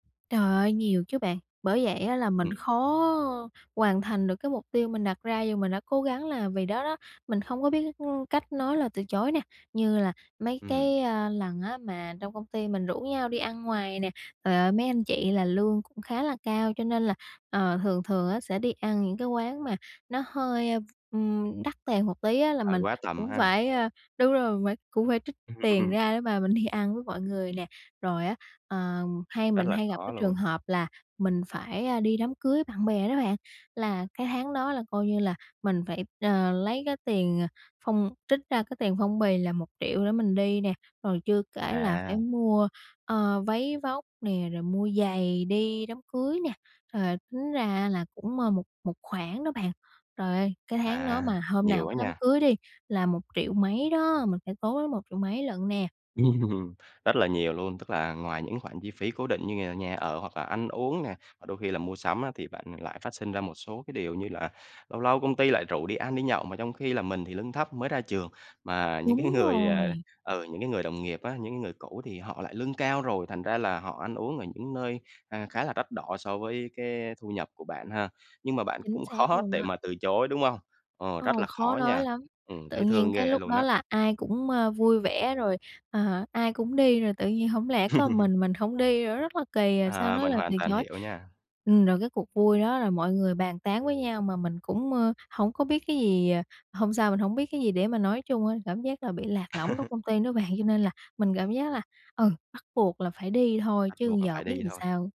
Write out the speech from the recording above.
Trời ơi, nhiều chứ bạn! Bởi vậy á là mình Ừm. khó hoàn thành được cái mục tiêu mình đặt ra dù mình đã cố gắng là vì đó đó, mình không có biết, ưm, cách nói lời từ chối nè. Như là mấy cái, Ừm. à, lần á mà trong công ty mình rủ nhau đi ăn ngoài nè, ờ, mấy anh chị là lương cũng khá là cao cho nên là, ờ, thường thường á sẽ đi ăn những cái quán mà nó hơi, v ừm, đắt tiền một tí á là Hơi mình quá tầm cũng ha. phải, à đúng rồi mình phải cũng phải trích tiền ra để mà mình đi ăn với mọi người nè. Rồi á, ờ, hay Rất mình là hay gặp khó cái trường luôn. hợp là mình phải, à, đi đám cưới bạn bè đó bạn, là cái tháng đó là coi như là mình phải, ờ, lấy cái tiền, ờ, phong trích ra cái tiền phong bì là 1 triệu để mình đi nè, rồi chưa kể là phải À. mua, ờ, váy vóc nè, rồi mua giày đi đám cưới nè. Trời, tính ra là cũng, ờ, một một khoản đó bạn, trời ơi, cái tháng đó À, mà hôm nhiều nào á có đám nha! cưới đi là 1 triệu mấy đó, mình phải tốn tới 1 triệu mấy lận nè. Rất là nhiều luôn, tức là ngoài những khoản chi phí cố định như là nhà ở hoặc là ăn uống nè và đôi khi là mua sắm á thì bạn lại phát sinh ra một số cái điều như là lâu lâu công ty lại rủ đi ăn đi nhậu, mà trong khi là mình thì lương thấp mới ra trường, mà những cái Đúng người à rồi. ừ, những cái người đồng nghiệp á, những người cũ thì họ lại lương cao rồi, thành ra là họ ăn uống ở những nơi, ờ, khá là đắt đỏ so với cái thu nhập của bạn ha. Nhưng mà bạn Chính cũng xác khó luôn để đó. mà từ chối, đúng không? Ồ, rất Ồ, là khó khó nói nha, lắm, ừm, tự thấy nhiên thương cái ghê lúc luôn đó á! là ai cũng, ờ, vui vẻ rồi, ờ, ai cũng đi rồi tự nhiên hông lẽ có mình mình hổng đi nữa rất là kỳ, à, sao À, nói mình lời từ hoàn toàn chối. hiểu nha. Ừm, rồi cái cuộc vui đó là mọi người bàn tán với nhau mà mình cũng, ờ, hông có biết cái gì, à hôm sao, mình hông biết cái gì để mà nói chung á, cảm giác là bị lạc lõng trong công ty đó bạn cho nên là mình cảm giác là, ừ, bắt buộc là phải đi thôi Bắt chứ buộc là giờ phải biết đi làm thôi. sao.